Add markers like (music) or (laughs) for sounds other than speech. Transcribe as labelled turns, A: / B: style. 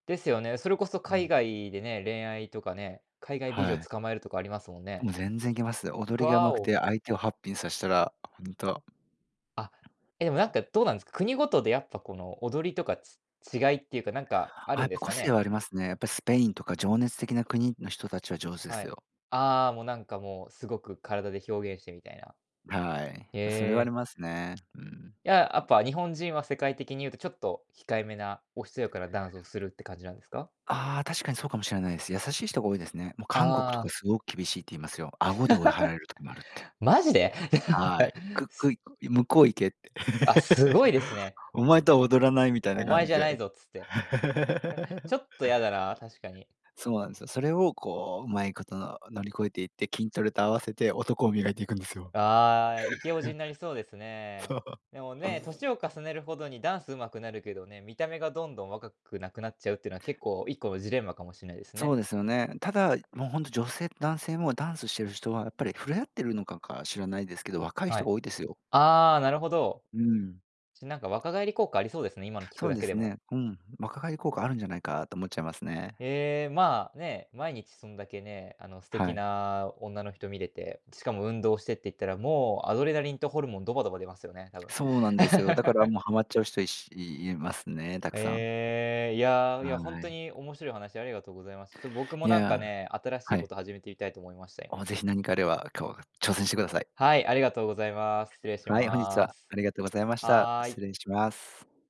A: ですよね。それこそ
B: う
A: 海
B: ん。
A: 外でね、恋愛とかね、海外美
B: は
A: 女
B: い。
A: 捕まえるとかありますもんね。
B: もう全然いけますよ。
A: ふ
B: 踊りが
A: ぁ
B: 上手く
A: お。
B: て、相手をハッピーにさしたら、ホント。
A: あ、えでもなんか、どうなんですか？国ごとでやっぱこの、踊りとか、ち違いっていうかなんか、あ
B: あ、
A: る
B: やっ
A: んで
B: ぱ
A: す
B: 個
A: か
B: 性
A: ね？
B: はありますね。やっぱスペインとか情熱的な国の人たちは上手で
A: は
B: す
A: い。
B: よ。
A: ああ、もうなんかもうすごく、身体で表現してみたいな。
B: はい。
A: へ
B: それはあり
A: え。
B: ますね、うん。
A: いや、やっぱ日本人は世界的に言うとちょっと、控えめな、おしとやかなダンスをするって感じなんですか？
B: ああ、確かにそうかもしれないです。優しい人が多いですね。もう韓国
A: あ
B: とか
A: あ。
B: すごく厳しいって言いますよ。顎で追い払られる時もあるって。
A: (laughs) マジで？(laughs)
B: はい。く
A: す
B: くい、向こう行けって。
A: あ、すごい
B: (laughs)
A: ですね。
B: お前とは踊らないみたいな
A: お
B: 感
A: 前
B: じ
A: じゃない
B: で。
A: ぞっつって。ち
B: (laughs)
A: ょっとやだなあ、確かに。
B: そうなんですよ。それをこう、うまいこと、乗り越えていって、筋トレと合わせて男を磨いていくんですよ。
A: ああ、イケおじに
B: (laughs)
A: なりそうです
B: そ
A: ね。
B: う。
A: でもねえ、年を重ねるほどにダンス上手くなるけどね、見た目がどんどん若くなくなっちゃうっていうのは結構、1個のジレンマかもしないです
B: そ
A: ね。
B: うですよね。ただ、もうほんと女性と男性もダンスしてる人はやっぱり触れ合ってるのかか、知らないですけど、若い
A: は
B: 人
A: い。
B: が多いですよ。
A: ああ、なるほど。
B: うん。
A: ちなんか若返り効果ありそうですね、今の聞く
B: そう
A: だ
B: で
A: けで
B: す
A: も。
B: ね。うん。若返り効果あるんじゃないかと思っちゃいますね。
A: ええ、まあ、ねえ、毎日そんだけね、あの素
B: は
A: 敵
B: い。
A: な女の人見れて、しかも運動してって言ったら、もう、アドレナリンとホルモンドバドバ出ますよね、多分。
B: そうなんですよ。だから
A: (laughs)
B: もうはまっちゃう人、いしいいますね、たくさん。
A: ええ。いやあ、いや、ホン
B: は
A: ト
B: い。
A: に面白いお話ありがとうございます。ちょっと僕も
B: い
A: なん
B: や
A: か
B: あ、
A: ね、新し
B: は
A: いこ
B: い。
A: と始めていたいと思いました、や
B: おお、ぜひ何かあれば、こう、が挑戦してください。
A: はい。ありがとうございます。失礼し
B: はい。本日
A: ま
B: は
A: す。
B: ありがとうございました。
A: はい。
B: 失礼します。